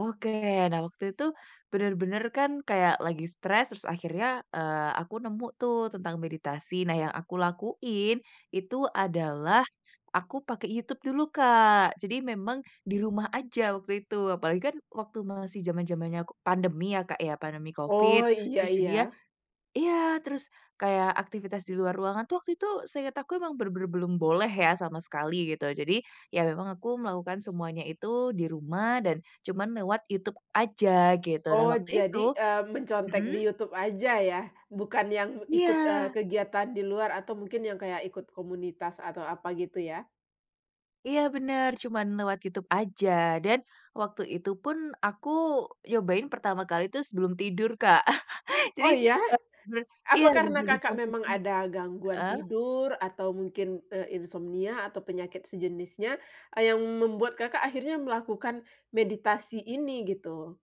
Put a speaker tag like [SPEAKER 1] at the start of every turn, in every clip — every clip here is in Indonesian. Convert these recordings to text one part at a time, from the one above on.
[SPEAKER 1] Oke, nah waktu itu bener-bener kan kayak lagi stress terus akhirnya, eee, aku nemu tuh tentang meditasi. Nah yang aku lakuin itu adalah aku pakai YouTube dulu Kak, jadi memang di rumah aja waktu itu. Apalagi kan waktu masih zaman-zamannya ko pandemi ya, Kak, ya, pandemi covid
[SPEAKER 2] Oh, iya
[SPEAKER 1] terus jadinya
[SPEAKER 2] iya.
[SPEAKER 1] iya, terus kayak aktivitas di luar ruangan tuh waktu itu seingat aku emang bener-bener belum boleh ya sama sekali gitu. Jadi, ya memang aku melakukan semuanya itu di rumah dan cuman lewat YouTube aja, gitu. Nah
[SPEAKER 2] Oh,
[SPEAKER 1] waktu itu
[SPEAKER 2] jadi, eee, mencontek di
[SPEAKER 1] mhm?
[SPEAKER 2] YouTube aja ya bukan yang ikut, eee,
[SPEAKER 1] Iya.
[SPEAKER 2] kegiatan di luar atau mungkin yang kayak ikut komunitas atau apa gitu ya?
[SPEAKER 1] Iya, bener, cuman lewat YouTube aja dan waktu itu pun aku nyobain pertama kali tuh sebelum tidur Kak.
[SPEAKER 2] Oh,
[SPEAKER 1] Jadi,
[SPEAKER 2] ya?
[SPEAKER 1] eee, ber iya,
[SPEAKER 2] Apa karena
[SPEAKER 1] menjadi
[SPEAKER 2] Kakak memang
[SPEAKER 1] posisi
[SPEAKER 2] ada gangguan
[SPEAKER 1] heeh?
[SPEAKER 2] tidur atau mungkin e insomnia atau penyakit sejenisnya yang membuat Kakak akhirnya melakukan meditasi ini, gitu?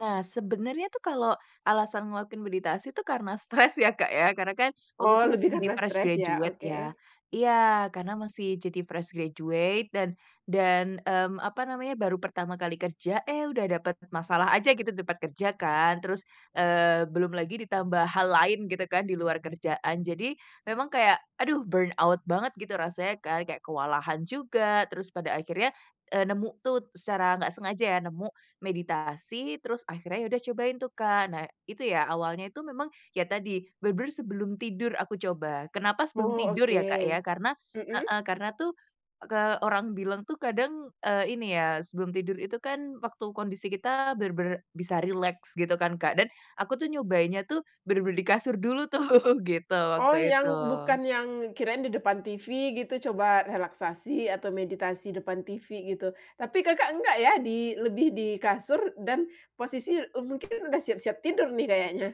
[SPEAKER 1] Nah, sebenernya tuh kalau alasan ngelakuin meditasi tuh karena stress ya, Kak, ya. Karena kan waktu
[SPEAKER 2] Oh,
[SPEAKER 1] tu tuh
[SPEAKER 2] lebih
[SPEAKER 1] masih jadi
[SPEAKER 2] karena
[SPEAKER 1] fresh
[SPEAKER 2] stres ya,
[SPEAKER 1] graduate ya.
[SPEAKER 2] oke.
[SPEAKER 1] Iya, karena masih jadi fresh graduate dan dan, mmm, apa namanya, baru pertama kali kerja, eh, udah dapet masalah aja gitu ditempat kerja kan terus, eee, belum lagi ditambah hal lain gitu kan di luar kerjaan. Jadi memang kayak aduh burn out banget gitu rasanya kan, kayak kewalahan juga terus pada akhirnya, eee, nemu tuh secara nggak sengaja ya nemu meditasi, terus akhirnya ya udah cobain tuh, Kak. Nah itu ya awalnya itu memang ya tadi bener-bener sebelum tidur aku coba, kenapa sebelum
[SPEAKER 2] Oh,
[SPEAKER 1] tidur ya, Kak, ya?
[SPEAKER 2] oke.
[SPEAKER 1] Karena
[SPEAKER 2] Mhm.
[SPEAKER 1] heeh, karena tuh ke orang bilang tuh kadang, eee, ini ya, sebelum tidur itu kan waktu kondisi kita bener-bener bisa rileks gitu kan Kak, dan aku tuh nyobainnya tuh bener-bener di kasur dulu tuh gitu,
[SPEAKER 2] Oh,
[SPEAKER 1] waktu
[SPEAKER 2] yang
[SPEAKER 1] itu.
[SPEAKER 2] bukan yang kirain di depan TV gitu coba relaksasi atau meditasi depan TV gitu. Tapi Kakak enggak ya, di lebih di kasur dan posisi, eee, mungkin sudah siap-siap tidur nih kayaknya.